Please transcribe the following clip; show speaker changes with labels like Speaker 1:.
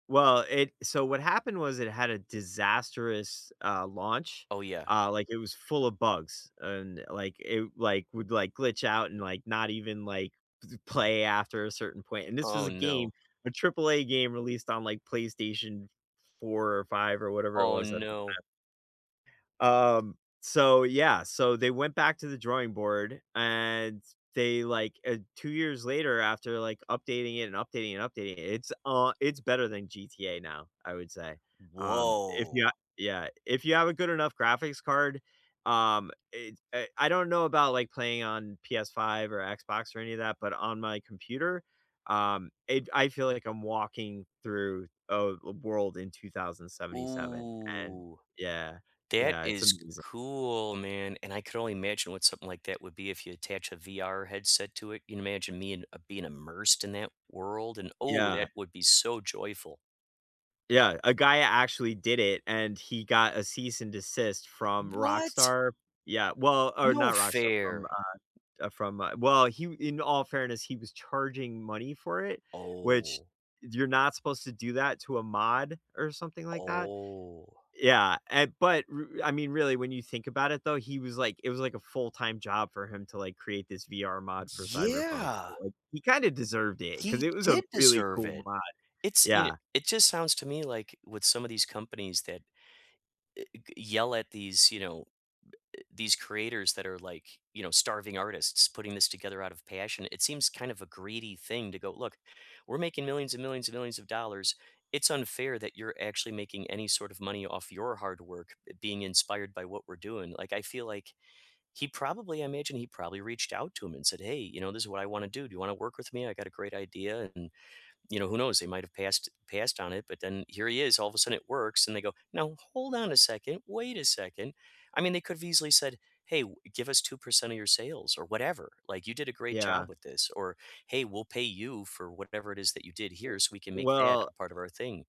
Speaker 1: Well, it so what happened was it had a disastrous, uh, launch,
Speaker 2: Oh, yeah.
Speaker 1: uh, like, it was full of bugs, and, like, it like, would, like, glitch out and, like, not even, like, [unintelligible] play after a certain point and this was
Speaker 2: Oh,
Speaker 1: a game,
Speaker 2: no.
Speaker 1: a AAA game released on, like, PlayStation 4 or 5 or whatever it
Speaker 2: Oh,
Speaker 1: was at the
Speaker 2: no.
Speaker 1: time. Um, so, yeah, so they went back to the drawing board, and they, like, uh 2 years later after, like, updating it and updating and updating it it's a it's better than GTA now, I would say. Um, if you
Speaker 2: Woah.
Speaker 1: a Yeah, if you have a good enough graphics card, um, it's, eh I don't know about, like, playing on Ps5 or Xbox or any of that, but on my computer, um, it I feel like I'm walking through a l world in 2077, and,
Speaker 2: Ooh.
Speaker 1: yeah.
Speaker 2: That
Speaker 1: Yeah, it's
Speaker 2: is
Speaker 1: amazing.
Speaker 2: cool, man, and I could only imagine what something like that would be if you attach a VR headset to it. You imagine me, and, uh, being immersed in that world, and, oh,
Speaker 1: Yeah.
Speaker 2: that would be so joyful.
Speaker 1: Yeah, a guy actually did it, and he got a cease and desist from
Speaker 2: What?
Speaker 1: Rockstar Yeah, well, or
Speaker 2: No
Speaker 1: not Rockstar, from,
Speaker 2: fair.
Speaker 1: uh uh, from, uh well, he w in all fairness, he was charging money for it, which
Speaker 2: Oh.
Speaker 1: you're not supposed to do that to a mod or something like that.
Speaker 2: Oh.
Speaker 1: Yeah, and, but r I mean, really, when you think about it though, he was, like it was, like, a full-time job for him to, like, create this VR mod for Cyberpunk,
Speaker 2: Yeah!
Speaker 1: so he kinda deserved it, 'cause
Speaker 2: He
Speaker 1: it was a
Speaker 2: did
Speaker 1: really
Speaker 2: deserve
Speaker 1: cool
Speaker 2: it.
Speaker 1: mod.
Speaker 2: It's you kn
Speaker 1: Yeah.
Speaker 2: it just sounds to me like with some of these companies that, uh, i g yell at these, you know, b eh these creators that are, like, you know, starving artists putting this together out of passion, it seems kind of a greedy thing to go, look, we're making millions and millions and millions of dollars, it's unfair that you're actually making any sort of money off your hard work, uh, being inspired by what we're doing, like, I feel like he probably I imagine he probably reached out to 'em and said, "Hey, you know, this is what I wanna do, do you wanna work with me? I got a great idea," and, you know, who knows, they might have passed passed on it, but then here he is, all of a sudden, it works, and they go, "Now hold on a second, wait a second." I mean, they could've easily said, "Hey, w give us 2% of your sales or whatever, like, you did a great job
Speaker 1: Yeah.
Speaker 2: with this," or, "Hey, we'll pay you for whatever it is that you did
Speaker 1: W
Speaker 2: here so we can make that
Speaker 1: well
Speaker 2: a part of our thing."